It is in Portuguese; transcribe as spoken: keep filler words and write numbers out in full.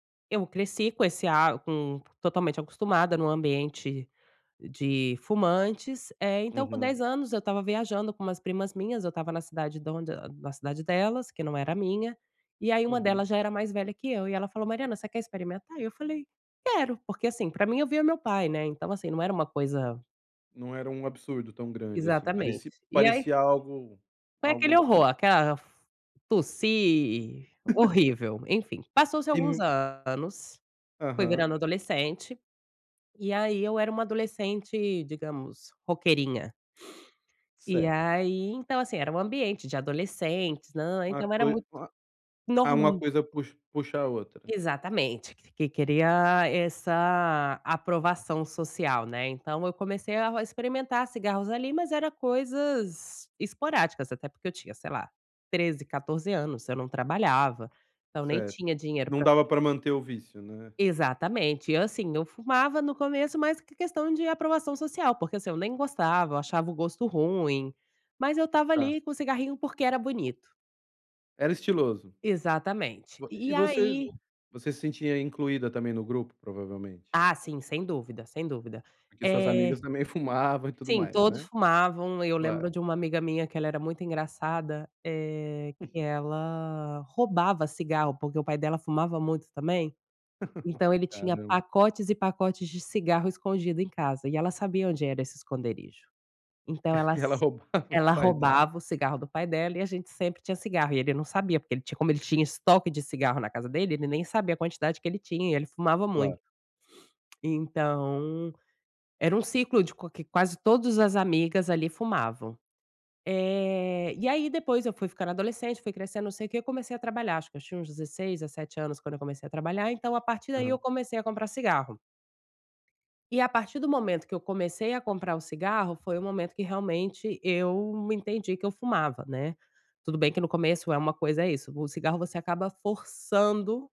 Eu cresci com esse, ah, com totalmente acostumada em um ambiente de fumantes, eh, então com Uhum. dez anos eu estava viajando com umas primas minhas, eu estava na cidade da onde, eh, na cidade delas, que não era minha, e aí uma Uhum. delas já era mais velha que eu, e ela falou: "Mariana você quer experimentar?". Eu falei: "Quero.", porque assim para mim eu via o meu pai, né, não é então assim não era uma coisa Não era um absurdo tão grande assim, Exatamente. pareci E aí parecia algo, foi aquele algo [unintelligible] horror, aquela tossi, horrível, enfim, passou-se alguns [unintelligible] anos, fui Aham. virando adolescente, e aí eu era um adolescente digamos roqueirinha. E Certo. aí então assim era um ambiente de adolescentes nã então era muito [unintelligible] Ah, uma norm coisa pux puxa a outra. Exatamente, que queria essa aprovação social, né, então eu comecei a experimentar cigarros ali, mas era coisas esporádicas até porque eu tinha sei lá, treze, quatorze anos eu não trabalhava, então nem Certo, tinha dinheiro não para dava para manter o vício, né. exatamente e assim eu fumava no começo mais porque questão de aprovação social porque assim, eu nem gostava eu achava o gosto ruim, mas eu estava Tá. ali com o cigarrinho porque era bonito. Era estiloso. Exatamente. E E e você aí você se sentia incluída também no grupo provavelmente? Ah sim, sem dúvida sem dúvida. Porque suas amigas Eh, também fumavam e tudo sim, mais, todos né. fumavam e eu lembro Claro. de uma amiga minha que ela era muito engraçada, eh, [unintelligible] que ela roubava cigarro porque o pai dela fumava muito também, então ele Ah tinha não. pacotes e pacotes de cigarro escondido em casa e ela sabia onde era esse esconderijo. Então ela E ela s roubava o ela pai dela. roubava o cigarro do pai dela e a gente sempre tinha cigarro, e ele não sabia porque ele tinha como ele tinha estoque de cigarro na casa dele ele nem sabia a quantidade que ele tinha e ele fumava muito. Claro. Então, era um ciclo de qua que quase todas as amigas ali fumavam. Eh, e aí depois eu fui ficando adolescente, fui crescendo não sei o que, eu comecei a trabalhar acho que eu tinha uns dezesseis, dezessete anos quando eu comecei a trabalhar então a partir daí eu Aham. comecei a comprar cigarro. E a partir do momento que eu comecei a comprar o cigarro, foi o momento que realmente eu entendi que eu fumava, né. Tudo bem que no começo é uma coisa é isso, o cigarro você acaba forçando